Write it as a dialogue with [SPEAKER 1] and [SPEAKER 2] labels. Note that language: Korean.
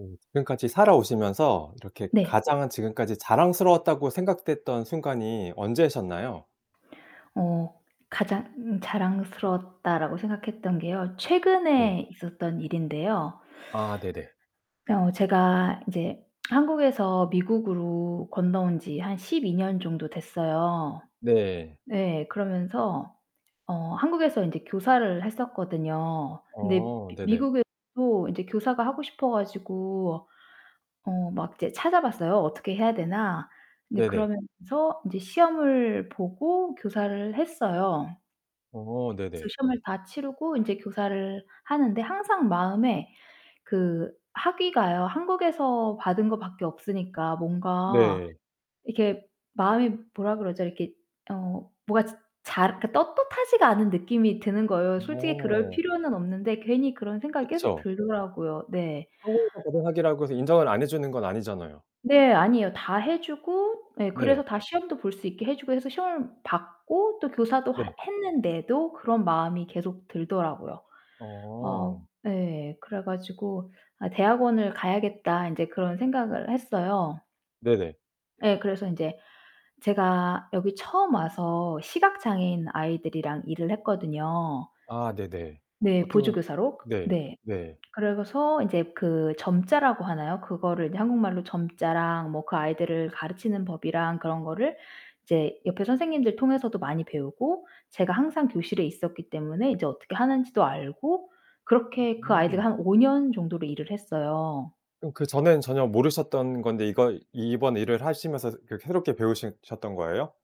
[SPEAKER 1] 음. 지금까지 살아오시면서 이렇게
[SPEAKER 2] 네.
[SPEAKER 1] 가장 지금까지 자랑스러웠다고 생각됐던 순간이 언제셨나요?
[SPEAKER 2] 어 '가장 자랑스러웠다.'라고 생각했던 게요,
[SPEAKER 1] 네.
[SPEAKER 2] 최근에 있었던 일인데요
[SPEAKER 1] 아, 네네.
[SPEAKER 2] 어 제가 이제 한국에서 미국으로 건너온 지 한 12 년 정도 됐어요.
[SPEAKER 1] 네.
[SPEAKER 2] 네, 그러면서 어 한국에서 인제 교사를 했었거든요. 근데
[SPEAKER 1] 어,
[SPEAKER 2] 미
[SPEAKER 1] 네네.
[SPEAKER 2] 미국에서도 이제 교사가 하고 싶어 가지고 어 막 이제 찾아봤어요, 어떻게 해야 되나. 근데
[SPEAKER 1] 네네.
[SPEAKER 2] 그러면서 인제 시험을 보고 교사를 했어요.
[SPEAKER 1] 어,
[SPEAKER 2] 그
[SPEAKER 1] 네네.
[SPEAKER 2] 시험을 다 치르고 인제 교사를 하는데 항상 마음에 그 학위가요, 한국에서 받은 거 밖에 없으니까 뭔가
[SPEAKER 1] 네.
[SPEAKER 2] 이렇게 마음이 뭐라 그러죠? 이렇게 어 뭐가 자 잘 이렇게 떳떳하지가 않은 느낌이 드는 거예요. 솔직히 그럴
[SPEAKER 1] 어.
[SPEAKER 2] 필요는 없는데 괜히 그런 생각이 계속
[SPEAKER 1] 그쵸.
[SPEAKER 2] 들더라고요. 네.
[SPEAKER 1] 한국에서 받은 학위라고 해서 인정을 안 해 주는 건 아니잖아요.
[SPEAKER 2] 네, 아니에요. 다 해 주고 네
[SPEAKER 1] 네.
[SPEAKER 2] 그래서 다 시험도 볼 수 있게 해 주고 해서 시험을 봤고 또 교사도 하
[SPEAKER 1] 네.
[SPEAKER 2] 했는데도 그런 마음이 계속 들더라고요.
[SPEAKER 1] 어.
[SPEAKER 2] 어 네. 그래 가지고 '아 대학원을 가야겠다.' 인제 그런 생각을 했어요.
[SPEAKER 1] 네네.
[SPEAKER 2] 예, 그래서 인제 제가 여기 처음 와서 시각장애인 아이들이랑 일을 했거든요.
[SPEAKER 1] 아, 네네.
[SPEAKER 2] 네,
[SPEAKER 1] 어떻게 보면
[SPEAKER 2] 보조교사로.
[SPEAKER 1] 네.
[SPEAKER 2] 네.
[SPEAKER 1] 네.
[SPEAKER 2] 그래서 이제 그 점자라고 하나요? 그거를 이제 한국말로 점자랑 뭐 그 아이들을 가르치는 법이랑 그런 거를 이제 옆에 선생님들 통해서도 많이 배우고, 제가 항상 교실에 있었기 때문에 이제 어떻게 하는지도 알고 그렇게 그 아이들과
[SPEAKER 1] 음.
[SPEAKER 2] 한 5 년 정도로 일을 했어요.
[SPEAKER 1] 그럼 그 전에는 전혀 모르셨던 건데 이거 이번 일을 하시면서 그 새롭게 배우시 셨던 거예요?